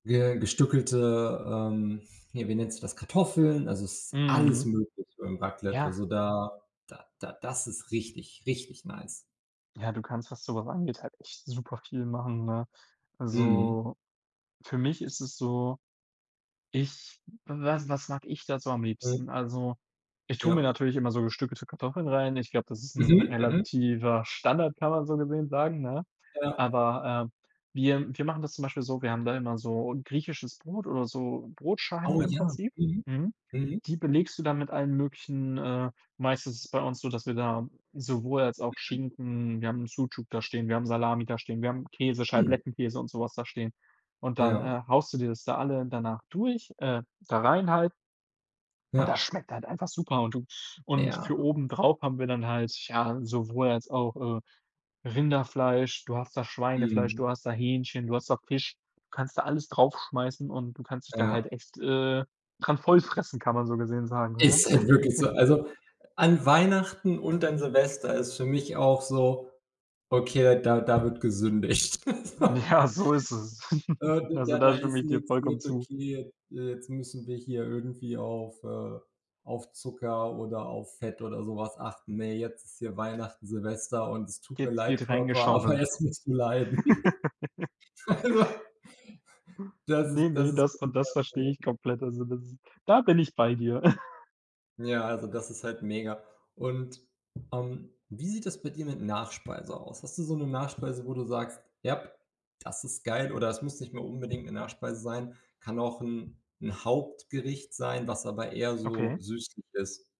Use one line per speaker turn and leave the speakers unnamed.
Ge gestückelte ähm, hier, wie nennt sich das Kartoffeln? Also, es ist alles
Mhm.
möglich beim Raclette.
Ja.
Also, da da da das ist richtig, richtig nice.
Ja, du kannst, was sowas angeht, halt echt superviel machen, ne?
Mhm.
Also, für mich ist es so, ich w was was mag ich da so am
Mhm.
liebsten? Also, ich tue mir
Ja.
natürlich immer so gestückelte Kartoffeln rein. Ich glaube, das ist 'n
Mhm, mhm.
relativer Standard, kann man so gesehen sagen, ne?
Ja.
Aber, ähm, wir wir machen das zum Beispiel so, wir haben da immer so 'n griechisches Brot oder so Brotscheiben
Au
im
ja,
Prinzip,
mhm.
mhm.
Mhm.
Die belegst du dann mit allen möglichen, äh meist ist es bei uns so, dass wir da sowohl als auch
Mhm.
Schinken wir haben Sucuk da stehen, wir haben Salami da stehen, wir haben Käse,
Mhm.
Scheiblettenkäse und so was da stehen. Und dann, äh,
Ja.
haust du dir das da alle danach durch äh, da rein halt und
Ja.
das schmeckt halt einfach super und du Und für
Ja.
obendrauf haben wir dann halt, ja, sowohl als auch, äh, Rinderfleisch, du hast da Schweinefleisch,
Mhm.
du hast da Hähnchen, du hast da Fisch. Du kannst da alles drauf schmeißen und du kannst dich da halt
Ja.
echt, äh, dran voll fressen, kann man so gesehen sagen, ne?
Ist halt wirklich so. Also, an Weihnachten und an Silvester ist für mich auch so „okay, da da wird gesündigt.” So
Ja, so ist es.
Äh, d
Also,
da da,
da stimme
ist
ich dir
nix
vollkommen
mit
zu.
„okay, äh, jetzt müssen wir hier irgendwie auf, äh auf Zucker oder auf Fett oder so was achten. Ne, jetzt ist hier Weihnachten, Silvester und es tut mir
Jetzt
leid,
wird
Körper, aber
reingeschaufelt.
jetzt musst du leiden.” Also, das ist
Ne, ne,
das ist
das und das verstehe
[unintelligible]
ich komplett. Also, das ist da bin ich bei dir.
Ja, also, das ist halt mega. Und, ähm, wie sieht das bei dir mit Nachspeise aus? Hast du so 'ne Nachspeise, wo du sagst: „Jap, das ist geil.“ Oder es muss nicht mal unbedingt 'ne Nachspeise sein, kann auch 'n 'n Hauptgericht sein, was aber eher so
Okay.
süßlich ist?